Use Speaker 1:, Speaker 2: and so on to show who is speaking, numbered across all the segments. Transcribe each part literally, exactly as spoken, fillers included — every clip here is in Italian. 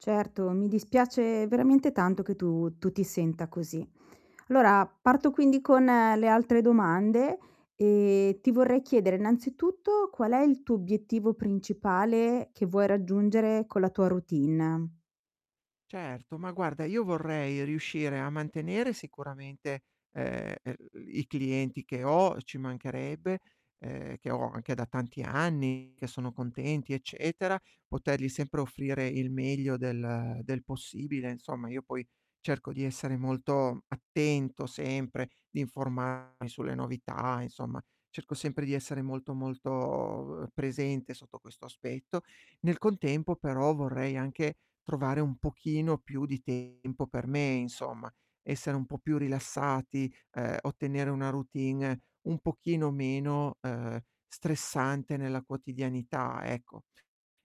Speaker 1: Certo, mi dispiace veramente tanto che tu tu ti senta così. llora parto, quindi, con le altre domande. E ti vorrei chiedere, innanzitutto, qual è il tuo obiettivo principale, che vuoi raggiungere con la tua routine?
Speaker 2: Certo, ma guarda, io vorrei riuscire a mantenere sicuramente, ehm, er i clienti che ho, ci mancherebbe, ehm, che ho anche da tanti anni, che sono contenti, eccetera; potergli sempre offrire il meglio del del possibile insomma, io poi, cerco di essere molto attento sempre, di informarmi sulle novità, insomma, cerco sempre di essere molto, molto uhm, presente sotto questo aspetto. Nel contempo però vorrei anche trovare un pochino più di tempo per me, insomma, essere un po' più rilassati, ehm, ottenere una routine un pochino meno, ehm, stressante nella quotidianità, ecco.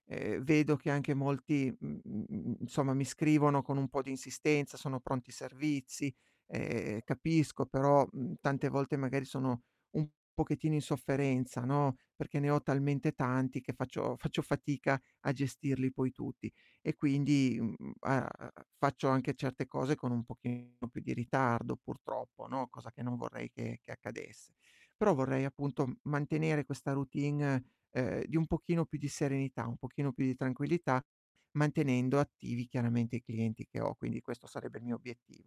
Speaker 2: Ehm, vedo che anche molti, m m mhmm, nsomma mi scrivono con un po' di insistenza, "sono pronti i servizi?", e e capisco, però, mhmm, tante volte magari sono un pochettino in sofferenza, no, perché ne ho talmente tanti che faccio faccio fatica a gestirli poi tutti. E quindi, uhm, mhmm, a a a faccio anche certe cose con un pochino più di ritardo, purtroppo, no, cosa che non vorrei che che accadesse. Però vorrei appunto m mantenere questa routine, uhm, di un pochino più di serenità, un pochino più di tranquillità, mantenendo attivi chiaramente i clienti che ho. Quindi questo sarebbe il mio obiettivo.